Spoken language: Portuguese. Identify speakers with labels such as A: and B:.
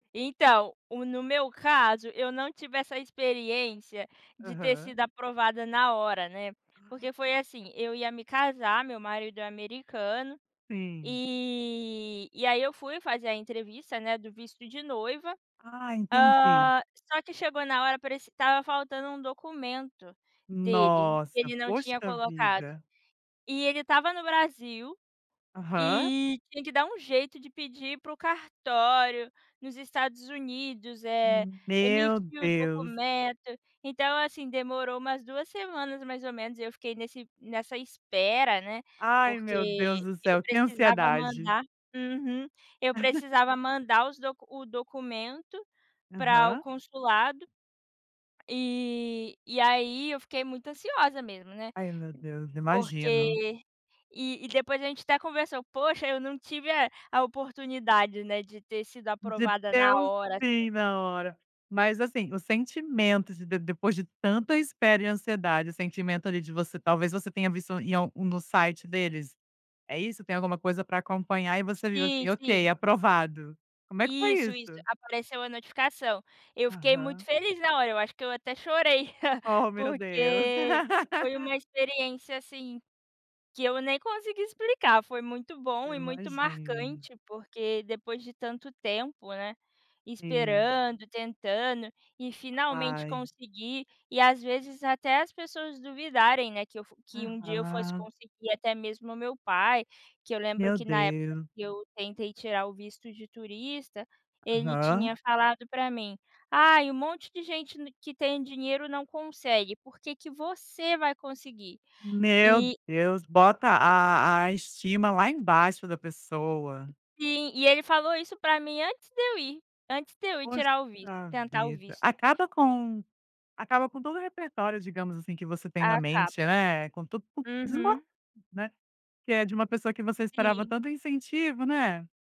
A: Então, o no meu caso, eu não tive essa experiência de ter
B: Aham.
A: sido aprovada na hora, né? Porque foi assim, eu ia me casar, meu marido é americano,
B: Sim.
A: eh, e aí eu fui fazer a entrevista, né, do visto de noiva,
B: Ah, entendi.
A: hã, só que chegou na hora parecia que estava faltando um documento dele, que
B: Nossa!
A: ele não tinha
B: Poxa
A: colocado.
B: vida!
A: E ele estava no Brasil
B: Aham.
A: e tinha que dar um jeito de pedir pro cartório, nos Estados Unidos, eh,
B: Hum, meu
A: emitir o
B: Deus!
A: documento. Então assim, demorou umas 2 semanas mais ou menos e eu fiquei nesse nessa espera, né,
B: Ai, meu Deus
A: porque
B: do
A: eu
B: céu que
A: precisava
B: ansiedade!
A: mandar Uhum. Eu precisava mandar os do o documento para o
B: Aham.
A: consulado. E e aí, eu fiquei muito ansiosa mesmo, né,
B: Ai, meu Deus. Imagino.
A: porque E e depois a gente até conversou: "Poxa, eu não tive a a oportunidade, né, de ter sido
B: De
A: aprovada na
B: deu
A: hora, assim".
B: sim, na hora. Mas assim, o sentimento de de depois de tanta espera e ansiedade, o sentimento ali, de você talvez você tenha visto em algum do site deles, é isso? Tem alguma coisa pra acompanhar e você viu
A: Sim,
B: assim, okay,
A: sim.
B: aprovado. Como é que foi
A: Isso, isso
B: isso?
A: apareceu a notificação. Eu fiquei muito
B: Aham.
A: feliz na hora, eu acho que eu até chorei,
B: Ó, meu Deus.
A: porque foi uma experiência, assim, que eu nem consigo explicar, foi muito bom
B: Eu
A: e muito
B: imagino.
A: marcante, porque depois de tanto tempo, né,
B: Sim.
A: esperando, tentando e finalmente
B: Ai.
A: conseguir. E, as vezes até as pessoas duvidarem, né, que eu fo que um dia eu fosse
B: Aham.
A: conseguir, até mesmo o meu pai, que eu lembro
B: Meu
A: que na época
B: Deus.
A: que eu tentei tirar o visto de turista, ele
B: Aham.
A: tinha falado pra mim: "Ai, um monte de gente ne que tem dinheiro não consegue, por que que você vai conseguir?"
B: Meu
A: E
B: Deus! Bota
A: E
B: a a estima lá embaixo, da pessoa.
A: Sim. E ele falou isso pra mim antes de eu ir antes de eu ir
B: Poxa
A: tirar o visto. Tentar o
B: vida.
A: visto.
B: Acaba com acaba com todo o repertório, digamos assim, que você tem na
A: Acaba.
B: mente, né, com tudo desmon
A: Uhum.
B: né? Que é de uma pessoa que você esperava
A: Sim.
B: tanto incentivo, né?